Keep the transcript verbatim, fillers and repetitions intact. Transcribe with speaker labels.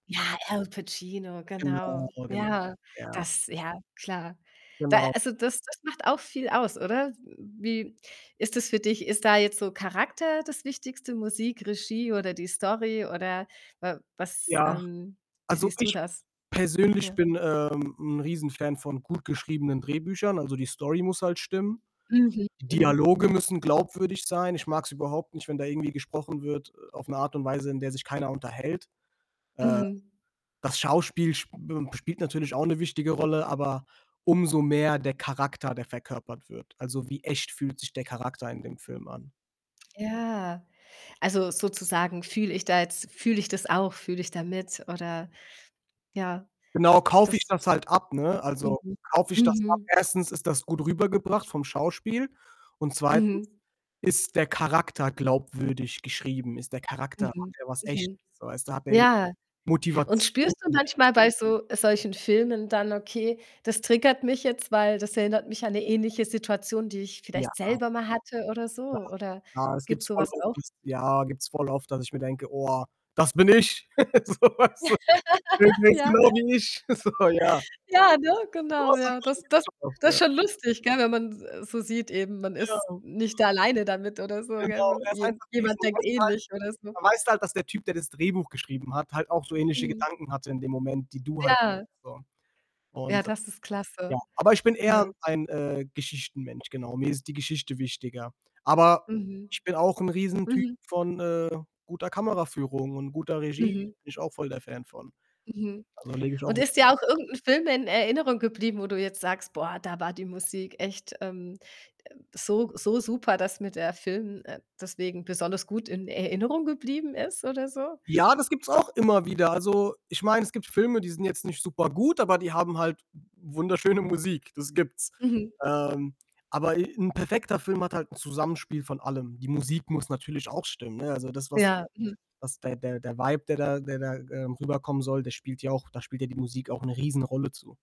Speaker 1: Ja, Al Pacino,
Speaker 2: Genau,
Speaker 1: genau.
Speaker 2: genau.
Speaker 1: Ja,
Speaker 2: Ja.
Speaker 1: das ja, klar. Da
Speaker 2: Genau.
Speaker 1: also, das das macht auch viel aus, oder? M wie ist das für dich? Ist da jetzt so Charakter das Wichtigste, Musik, Regie oder die Story? Oder, w was,
Speaker 2: Ja.
Speaker 1: ähm wie
Speaker 2: Also,
Speaker 1: siehst du
Speaker 2: ich
Speaker 1: das?
Speaker 2: persönlich
Speaker 1: Ja.
Speaker 2: bin, ähm, 'n Riesenfan von gut geschriebenen Drehbüchern. Also, die Story muss halt stimmen.
Speaker 1: Mhm, mhm.
Speaker 2: Dialoge müssen glaubwürdig sein. Ich mag es überhaupt nicht, wenn da irgendwie gesprochen wird, äh, auf 'ne Art und Weise, in der sich keiner unterhält. Äh.
Speaker 1: Mhm.
Speaker 2: Das Schauspiel sp m spielt natürlich auch 'ne wichtige Rolle, aber, umso mehr der Charakter, der verkörpert wird. Also, wie echt fühlt sich der Charakter in dem Film an?
Speaker 1: Ja. Also, sozusagen fühle ich da jetzt fühle ich das auch? Fühle ich da mit, oder ja.
Speaker 2: Genau, kaufe ich
Speaker 1: Das
Speaker 2: das halt ab, ne? Also,
Speaker 1: Mhm.
Speaker 2: kaufe ich das ab?
Speaker 1: Mhm.
Speaker 2: Erstens, ist das gut rübergebracht, vom Schauspiel und zweitens,
Speaker 1: Mhm.
Speaker 2: ist der Charakter glaubwürdig geschrieben? Ist der Charakter hat
Speaker 1: Mhm.
Speaker 2: er was Echtes,
Speaker 1: Mhm.
Speaker 2: so weißt du? Hat der [unintelligible]
Speaker 1: Ja. Und
Speaker 2: Motivation?
Speaker 1: spürst du manchmal bei so solchen Filmen dann: „Okay, das triggert mich jetzt, weil, das erinnert mich an 'ne ähnliche Situation, die ich
Speaker 2: Ja.
Speaker 1: vielleicht selber mal hatte“, oder so?
Speaker 2: Ja.
Speaker 1: Oder,
Speaker 2: Ja, das
Speaker 1: gibt's
Speaker 2: gibt's
Speaker 1: so
Speaker 2: voll
Speaker 1: was
Speaker 2: oft,
Speaker 1: auch?
Speaker 2: das ja, gibt's voll oft, dass ich mir denke: „Oh, das bin ich!“ So, weißt du. [unintelligible] „Der ist
Speaker 1: Ja.
Speaker 2: genau wie ich.“ So, ja.
Speaker 1: Ja, ne, genau, ja. Das Das
Speaker 2: [unintelligible]
Speaker 1: Das ist
Speaker 2: ,ja.
Speaker 1: schon lustig, gell? Wenn man s äh, so sieht eben, man
Speaker 2: Ja.
Speaker 1: ist
Speaker 2: [unintelligible]
Speaker 1: nicht alleine damit, oder so, gell?
Speaker 2: Genau.
Speaker 1: Man
Speaker 2: Er ist
Speaker 1: je
Speaker 2: einfach, wie
Speaker 1: jemand
Speaker 2: schon
Speaker 1: denkt
Speaker 2: weißt du
Speaker 1: ähnlich, oder
Speaker 2: halt
Speaker 1: so.
Speaker 2: da weißt du halt, dass der Typ, der das Drehbuch geschrieben hat, halt auch so ähnliche
Speaker 1: Mhm.
Speaker 2: Gedanken hatte, in dem Moment, die du halt
Speaker 1: Ja.
Speaker 2: so
Speaker 1: Ja,
Speaker 2: und
Speaker 1: das ist
Speaker 2: ja,
Speaker 1: klasse,
Speaker 2: aber ich bin eher
Speaker 1: ja.
Speaker 2: ein, äh, Geschichtenmensch, genau. Mir ist die Geschichte wichtiger. Aber,
Speaker 1: Mhm.
Speaker 2: ich bin auch 'n Riesentyp
Speaker 1: Mhm.
Speaker 2: von, äh, guter Kameraführung und guter Regie. Bin
Speaker 1: Mhm.
Speaker 2: ich auch voll der Fan von.
Speaker 1: Mhm.
Speaker 2: Also, lege ich auch
Speaker 1: Und
Speaker 2: Wert
Speaker 1: ist dir auch irgend 'n Film in Erinnerung geblieben, wo du jetzt sagst: „Boah, da war die Musik echt, ähm, äh, so so super, dass mir der Film, äh, deswegen besonders gut in Erinnerung geblieben ist.“, oder so?
Speaker 2: Ja, das gibt's auch immer wieder. Also, ich meine, es gibt Filme, die sind jetzt nicht super gut, aber die haben halt wunderschöne Musik, das gibt's.
Speaker 1: Mhm.
Speaker 2: Ähm. Aber e 'n perfekter Film hat halt 'n Zusammenspiel von allem. Die Musik muss natürlich auch stimmen, ne? Also das, was
Speaker 1: Ja, mhm.
Speaker 2: was der der der vibe, der da der da, ähm, rüberkommen soll, der spielt ja auch da spielt ja die Musik auch 'ne Riesenrolle zu.